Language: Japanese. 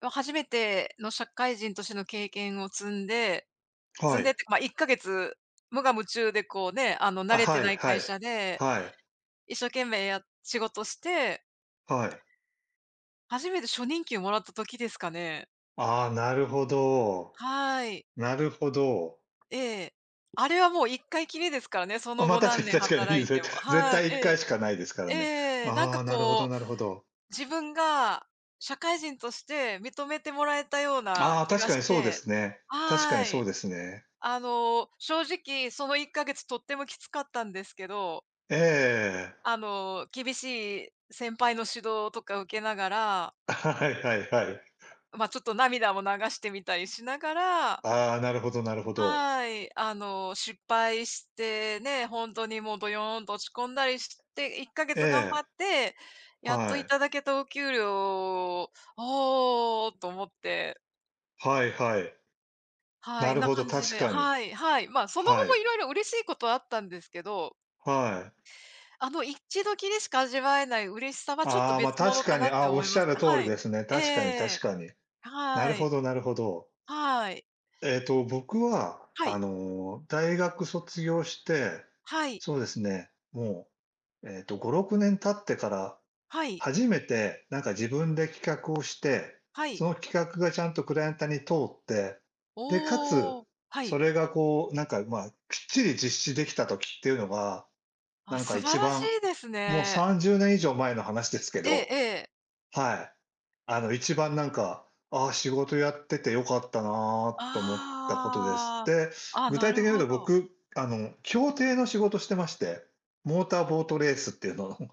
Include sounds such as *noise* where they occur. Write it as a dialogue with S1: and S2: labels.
S1: が初めての社会人としての経験を積んで
S2: は
S1: 積んでっ
S2: い。
S1: てか、ま、1か月無我夢中でこう、ね、あの、慣
S2: あ、
S1: れて
S2: はい、
S1: ない
S2: は
S1: 会社
S2: い、
S1: で、
S2: はい。
S1: 一生懸命や仕事して
S2: はい。
S1: 初めて初任給をもらった時ですかね。
S2: ああ、なるほど。
S1: はい。
S2: なるほど。
S1: ええ。あれはもう一回きりですからね、そ
S2: あ、
S1: の
S2: ま、
S1: 後
S2: 確か
S1: 何
S2: に
S1: 年
S2: 確かにい
S1: 働
S2: い
S1: い
S2: ぜ、
S1: ても
S2: 絶
S1: はい、
S2: 対いっ
S1: え
S2: かい
S1: え、
S2: しかないですから
S1: え
S2: ね。
S1: え、なん
S2: あ
S1: か
S2: あ、なるほ
S1: こ
S2: ど
S1: う、
S2: なるほど。
S1: 自分が、社会人として認めてもらえたような
S2: ああ、
S1: 気
S2: 確
S1: が
S2: かに
S1: し
S2: そうで
S1: て
S2: すね確か
S1: は
S2: にそう
S1: い。
S2: ですね。
S1: あの、正直その1ヶ月とってもきつかったんですけど
S2: ええ。
S1: あの、厳しい先輩の指導とか受けながら
S2: *chuckles* はいはいはい。
S1: ま、ちょっと涙を流してみたりしながら
S2: ああ、なるほどなるほど。
S1: はい、あの、失敗して、ね、ほんとにもう、どよんと落ち込んだりして、いっかげ
S2: え
S1: つ頑張
S2: え。
S1: って、やっと
S2: は
S1: い
S2: い。
S1: ただけたお給料「おお」と思って
S2: はいはい。
S1: は
S2: な
S1: い、
S2: る
S1: な
S2: ほど、
S1: 感じ
S2: 確
S1: で
S2: かに。
S1: はい、はい。ま、その後も
S2: はい。
S1: 色々嬉しいことはあったんですけど
S2: はい。
S1: あの一度きりでしか味わえない嬉しさはちょっと
S2: ああ、ま、
S1: 別物
S2: 確
S1: か
S2: かに、
S1: なって
S2: あ、お
S1: 思
S2: っ
S1: い
S2: し
S1: ま
S2: ゃ
S1: す。
S2: る通り
S1: はい。
S2: ですね、
S1: ええ
S2: 確かに確
S1: ええ。
S2: かに。なる
S1: はい。
S2: ほどなるほど。
S1: はい。
S2: ええと、僕は
S1: は
S2: あ
S1: い。
S2: の、大学卒業して、
S1: はい。
S2: そうですね、もう、ええと5、6年経ってから、
S1: はい。
S2: 初めてなんか自分で企画をして、
S1: は
S2: そ
S1: い。
S2: の企画がちゃんとクライアントに通って、でか
S1: お
S2: つ、
S1: お！は
S2: そ
S1: い。
S2: れが、こう、なんか、ま、きっちり実施できた時っていうのが、な
S1: あ、
S2: んか
S1: 素晴
S2: 一
S1: らし
S2: 番、
S1: いです
S2: もう
S1: ね。
S2: 30年以上前の話ですけ
S1: えええ
S2: ど
S1: え。
S2: はい。あの、一番なんか、「ああ、仕事やってて良かったな」と思ったことです。
S1: あ
S2: で、
S1: あ、あ、
S2: 具
S1: な
S2: 体的
S1: る
S2: に言う
S1: ほ
S2: と
S1: ど。
S2: 僕、あの、競艇の仕事してまして、モーターボートレースっていうのを